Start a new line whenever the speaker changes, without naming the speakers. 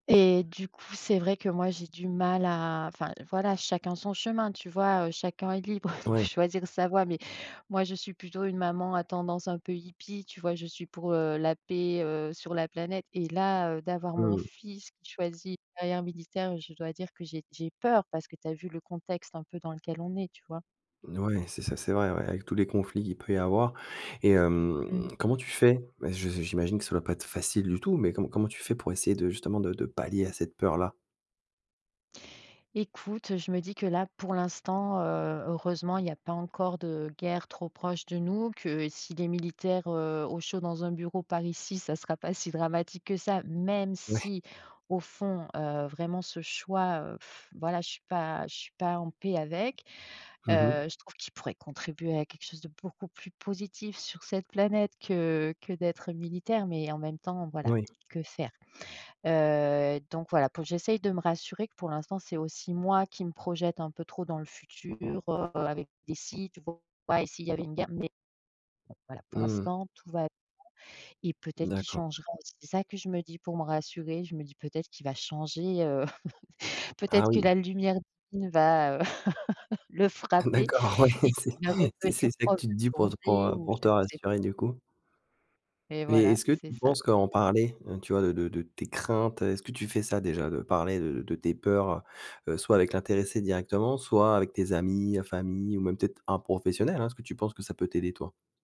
Et du coup, c'est vrai que moi, j'ai du mal à enfin, voilà, chacun son chemin, tu vois? Heu, chacun est libre de
Ouais.
choisir sa voie mais moi, je suis plutôt une maman à tendance un peu hippie, tu vois? Je suis pour, heu, la paix, heu, sur la planète, et là, heu, d'avoir mon
Mmh.
fils qui choisit une carrière militaire, oui, je dois dire que j'ai j'ai peur parce que tu as vu le contexte un peu dans lequel on est, tu vois?
Oui, c'est ça, c'est vrai, ouais, avec tous les conflits qu'il peut y avoir. Et hem,
Mmh.
comment tu fais? Bah, je j'imagine que ça va pas être facile du tout, mais co comment tu fais pour essayer de, justement, de de pallier à cette peur-là?
Écoute, heu, je me dis que, là, pour l'instant, heu, heureusement il y a pas encore de guerre trop proche de nous, que s'il est militaire, heu, au chaud dans un bureau par ici, ça sera pas si dramatique que ça, même
Ouais.
si, au fond, heu, vraiment ce choix, heu,, voilà, je suis pas je suis pas en paix avec.
Mmh
Heu,
mh.
je trouve qu'il pourrait contribuer à quelque chose de beaucoup plus positif sur cette planète que que d'être militaire, mais en même temps, voilà,
Oui.
que faire? Heu, donc voilà, pour que j'essaye de me rassurer que, pour l'instant, c'est aussi moi qui me projette un peu trop dans le futur avec des «si» tu vois? «Et s'il y avait une guerre». Mais voilà, pour
Mmh.
l'instant, tout va bien et peut-être qu'il
D'accord.
changera et c'est ça que je me dis pour me rassurer, je me dis: «Peut-être qu'il va changer, heu,
Ah
peut-être que
oui!
la lumière divine va, heu, le frapper
D'accord. Ouais,
et
c'est
qu'il va
c'est c'est
redevenir
ça que
prof
tu te
de
dis pour, heu, pour,
plongée
heu,
ou
pour te
je ne sais»
rassurer, du coup.
Et
Mais
voilà,
est-ce que tu
c'est ça.
penses qu'en parler, heu, tu vois de de de tes craintes, heu, est-ce que tu fais ça, déjà, de parler de de tes peurs, heu heu, soit avec l'intéressé directement, soit avec tes amis, famille ou même peut-être un professionnel, hein? Est-ce que tu penses que ça peut t'aider, toi?